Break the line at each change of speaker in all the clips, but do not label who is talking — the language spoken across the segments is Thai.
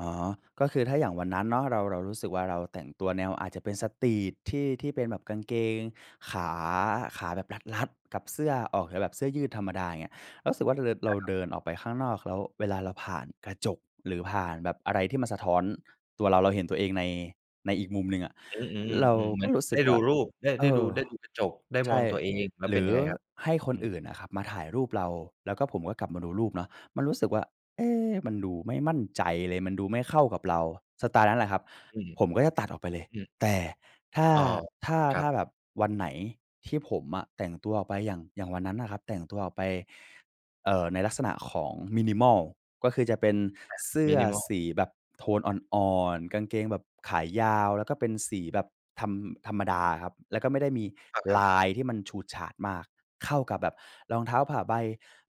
อ๋อ ก็คือถ้าอย่างวันนั้นเนาะ เรา เรารู้สึกว่า เราแต่งตัวแนว อาจจะเป็นสตรีตที่ ที่เป็นแบบกางเกงขา ขาแบบรัด ๆ กับเสื้อ ออกจะแบบเสื้อยืดธรรมดา อย่างเงี้ย เรารู้สึกว่า ร เรา
อา ครับ
เดินออกไปข้างนอก แล้วเวลาเราผ่านกระจก หรือผ่านแบบอะไรที่มันสะท้อนตัวเรา เราเห็นตัวเองใน ในอีกมุมหนึ่งอะ
อืม อ
เรา
ือ ๆ ๆ เหม
ก
ื
็
อน
รู้ส
ไ
ึ
ด้
กว
ดู
่า
รูป ได้
เ
ไ
อ
ด้ดู
อ
ได้ดูกระจก ได้
ใช
มอ
่
งตัวเอง แล้ว
หร
เป็
ื
นย
อ
ังไงครับ?
ให้ค
อ
น
ือ
อื่นน่ะครับ มาถ่ายรูปเรา แล้วก็ผมก็กลับมาดูรูปเนาะ มันรู้สึกว่า เอ๊ มันดูไม่มั่นใจเลย มันดูไม่เข้ากับเรา สไตล์นั้นแหละครับ
อืม
ผมก็จะตัดออกไปเล
อื
ย
อ อือ
แต่ถ้า
อ้อ
ถ้า
ครั
ถ้
บ
าแบบวันไหน ที่ผมอะแต่งตัวออกไปอย่าง อย่างวันนั้นน่ะครับ แต่งตัวออกไป เอ่อ ในลักษณะของ Minimal ก็คือจะเป็น
อ่า
เสื้อ
Minimal
สีแบบโทนอ่อน ๆ กางเกงแบบขายาว แล้วก็เป็นสีแบบ ธรรม ธรรมดาอะครับ แล้วก็ไม่ได้มี
อะ ครั
ล
บ
ายที่มันฉูดฉาดมาก เข้ากับแบบรองเท้าผ้าใบ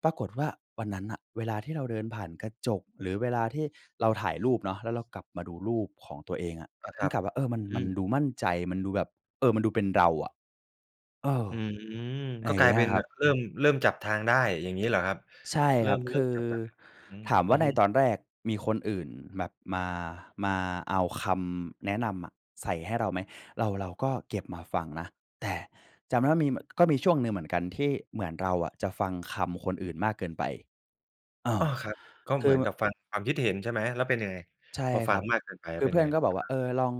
ปรากฏว่า วันนั้นน่ะเวลาที่เราเดินผ่านกระจก หรือเวลาที่เราถ่ายรูปเนาะ แล้วเรากลับมาดูรูปของตัวเองอะ
อะ ค
น
ร
ี
ั
่
บ
กลับว่า เออ มัน
อ
ม
ื
ัน
ม
ดูมั่นใจ มันดูแบบ เออ มันดูเป็นเราอะ เออ
อืม
อะไ
ก
ร
็
อย่
ก
า
ล
ง
า
เ
ย
งี้
เป
ย
็
อ
น
ะค
แ
รั
บบ
บ
เริ่ม เริ่มจับทางได้ อย่างงี้เหรอครับ?
ใช่
เร
ค
ิ่
รับ
ม เ
ค
ริ่
ื
ม
อ
จากตอนไหน? อืม
ถามว
อื
่า
อ
ใน
ฮึ
ตอนแรกมีคนอื่นแบบมา มาเอาคำแนะนำอะใส่ให้เราไหม? เรา เราก็เก็บมาฟังนะ แต่จำได้ว่า มีเหมือน ก็มีช่วงหนึ่งเหมือนกัน ที่เหมือนเราอะจะฟังคำคนอื่นมากเกินไป เอ
อ
อ
้อ ครับ ก็
ค
เห
ื
มื
อ
อนกับ
ม
ฟังความคิดเห็นใช่ไหม? แล้วเป็นยังไง?
ใช่
พอฟ
ค
ั
ร
ง
ับ
มากเกินไปแล
ค
้
ื
ว
อ
เป็
เพ
น
ื่อ
ไง?
นก็บอ
อ
ก
ะ
ว่า
ฮ
เอ
ะ
อ ลอง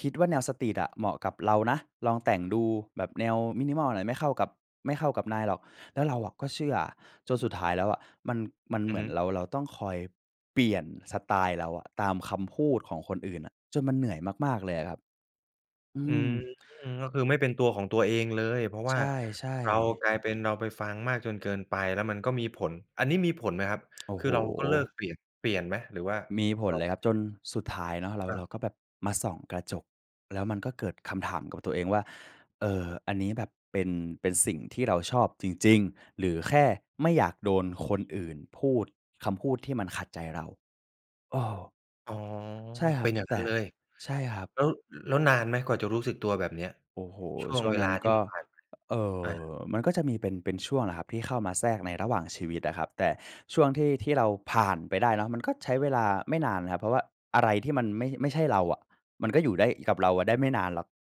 "คิดว่าแนวสตรีตอะ เหมาะกับเรานะ ลองแต่งดู แบบแนว Minimal เนี่ยไม่เข้ากับ ไม่เข้ากับนายหรอก" แล้วเราอะก็เชื่อ จนสุดท้ายแล้วอะ มัน มัน
อ
เ
ื
หม
อ
ื
ฮ
อน
ึ
เรา เราต้องคอยเปลี่ยนสไตล์เราอะ ตามคำพูดของคนอื่นอะ จนมันเหนื่อยมาก ๆ เลยอะครับ อื
อืม
ม
ก็คือไม่เป็นตัวของตัวเองเลย เพราะ
ใ
ว
ช
่า
่
เรา
ๆ
กลายเป็น เราไปฟังมากจนเกินไป แล้วมันก็มีผล อันนี้มีผลไหมครับ?
โอ้
ค
โ
ื
ฮ
อเราก็เลิกเปลี่ยน เปลี่ยนไหม หรือว่า
มีผ
เ
ล
รา
เลย
ไม่
ครับ
เปล
จ
ี่ย
น
น?
สุดท้ายเนาะเรา
อา
เราก็แบบมาส่องกระจก แล้วมันก็เกิดคำถามกับตัวเองว่า "เออ อันนี้แบบเป็น เป็นสิ่งที่เราชอบจริง ๆ หรือแค่ไม่อยากโดนคนอื่นพูดคำพูดที่มันขัดใจเรา" เออ
อ๋อ
ใช่ค
เ
ร
ป
ั
็
บ
นอย่าง
แ
ง
ต
ั้น
่
เลย
ใช่ครับ
แล้ว แล้วนานไหม กว่าจะรู้สึกตัวแบบเนี้ย?
โอ้โฮ
ช่ว
ช
ง
่ว
เ
ง
ว
นั
ลา
้น
ที
ก
่ม
็
ันผ่านไป
เอ่
อา
อ มันก็จะมีเป็น เป็นช่วงแหละครับ ที่เข้ามาแทรกในระหว่างชีวิตอะครับ แต่ช่วงที่ ที่เราผ่านไปได้เนาะ มันก็ใช้เวลาไม่นานนะครับ เพราะว่าอะไรที่มันไม่ ไม่ใช่เราอะ มันก็อยู่ได้ อ กับเราอะได้ไม่นานหรอก